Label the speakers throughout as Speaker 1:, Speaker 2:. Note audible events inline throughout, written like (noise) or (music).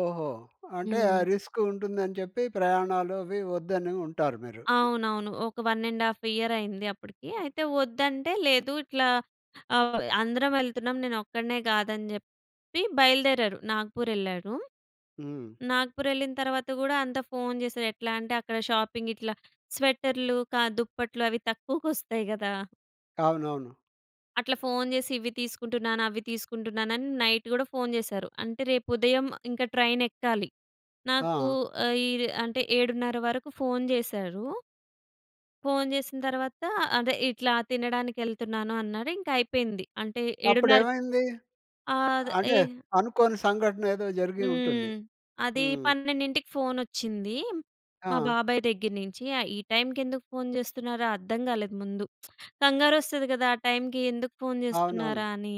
Speaker 1: ఓహో! అంటే ఆ
Speaker 2: హ్మ్.
Speaker 1: రిస్క్ ఉంటుందని చెప్పి, ప్రయాణాలు, అవి వద్దని ఉంటారు మీరు.
Speaker 2: అవునవును. ఒక 1 ½ ఇయర్ అయింది, అప్పుడికి అయితే వద్దంటే, "లేదు ఇట్లా, ఆహ్, అందరం ఎళ్తున్నాం, నేను ఒక్కడినే కాదని" జెప్పి బయలుదేరారు. నాగ్‌పూర్ ఎళ్ళారు.
Speaker 1: హ్మ్.
Speaker 2: నాగ్‌పూర్ ఎళ్ళిన తరువాత, గూడా అంతా ఫోన్ చేసారు. ఎట్లా అంటే, అక్కడ షాపింగ్ ఇట్లా స్వెటర్లు క దుప్పట్లు. అవి తక్కువకి వస్తాయి కదా!
Speaker 1: అవునవును.
Speaker 2: అట్లా ఫోన్ జేసి, ఇవి తీసుకుంటున్నాను, అవి తీసుకుంటున్నాను అని నైట్ గూడ ఫోన్ జేసారు. అంటే, రేపు ఉదయం ఇంక, ట్రైన్ ఎక్కాలి. నాకూ
Speaker 1: ఆ!
Speaker 2: ఆహ్, ఈర్ అంటే 7:30 వరకు ఫోన్ జేసారు... ఫోన్ జేసిన తరువాత, అదే ఇట్లా "తినడానికి ఎళ్తున్నాను" అన్నారు. ఇంకా అయిపోయింది. అంటే,
Speaker 1: అప్పుడు
Speaker 2: ఏడున్నర్
Speaker 1: ఏమైంది?
Speaker 2: ఆద్ ఏ
Speaker 1: అంటే, అనుకోని సంఘటన ఏదో జరిగి ఉంటుంది.
Speaker 2: హ్మ్. అది
Speaker 1: హ్మ్.
Speaker 2: 12కి ఫోన్ వచ్చింది. మా
Speaker 1: ఆ!
Speaker 2: బాబాయ్ దగ్గర నుంచి. ఆహ్, ఈ టైమ్‌కి ఎందుకు ఫోన్ జేస్తున్నారో అర్థం గాలేదు ముందు (tsk) కంగారు వస్తది గదా! ఆ టైమ్‌కి ఎందుకు ఫోన్
Speaker 1: అవునవును.
Speaker 2: జేస్తున్నారా అని?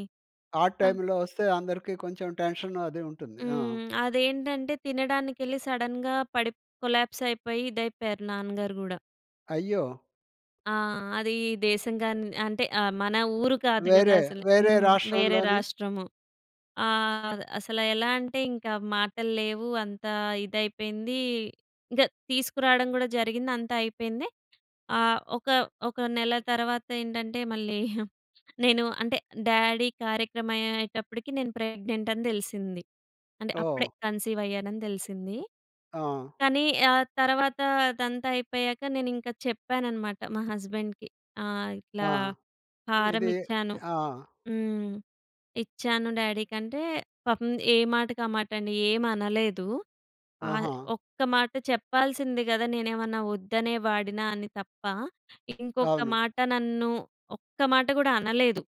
Speaker 1: ఆడ్
Speaker 2: అ
Speaker 1: టైమ్‌లో వస్తే అందరికి కొంచెం టెన్షన్ అది ఉంటుంది. ఆ!
Speaker 2: హ్మ్. అదేంటంటే, తినడానికెళ్ళి సడెన్‌గా పడిప్ కొలాప్స్ అయిపోయి, ఇదైపోయారు నాన్నగారు గూడా.
Speaker 1: అయ్యో!
Speaker 2: ఆ! అది దేశం గాని అంటే ఆహ్, మన ఊరు కాదు గదా!
Speaker 1: వేరే,
Speaker 2: అసలే.
Speaker 1: వేరే
Speaker 2: హ్మ్, వేరే
Speaker 1: రాష్ట్రంలోని
Speaker 2: రాష్ట్రము. ఆహ్, అసలు ఎలా అంటే, ఇంక మాటలు లేవు, అంత ఇదైపోయింది. ఇంకా తీసుకురావడం గూడా జరిగింది, అంతా అయిపోయింది. ఆహ్, ఒక ఒక నెల తర్వాత ఏంటంటే, మళ్ళీ నేను అంటే డ్యాడీ కార్యక్రమం అయ్యేటప్పటికి నేను ప్రెగ్నెంట్ అని తెలిసింది. అంటే, అప్పుడే
Speaker 1: ఓహ్!
Speaker 2: కన్సీవ్ అయ్యానని తెలిసింది.
Speaker 1: ఆ!
Speaker 2: కానీ ఆ తర్వాత, అదంతా అయిపోయాక, నేను ఇంకా చెప్పాననమాట, మా హస్బెండ్‍కి. ఆహ్, ఇట్లా
Speaker 1: ఆ!
Speaker 2: హారం
Speaker 1: ఇది
Speaker 2: ఇచ్చాను.
Speaker 1: ఆ!
Speaker 2: హ్మ్. ఇచ్చాను, డ్యాడీకి అంటే పాపం ఏ మాటకి ఆ మాటండి. ఏం అనలేదు. ఆహ్,
Speaker 1: ఆహా!
Speaker 2: "ఒక్క మాట చెప్పాల్సింది గదా! నేనేమన్నా వద్దనే వాడినా" అని తప్ప, ఇంకొక
Speaker 1: అవును.
Speaker 2: మాట నన్ను, ఒక్క మాట గూడా అనలేదు.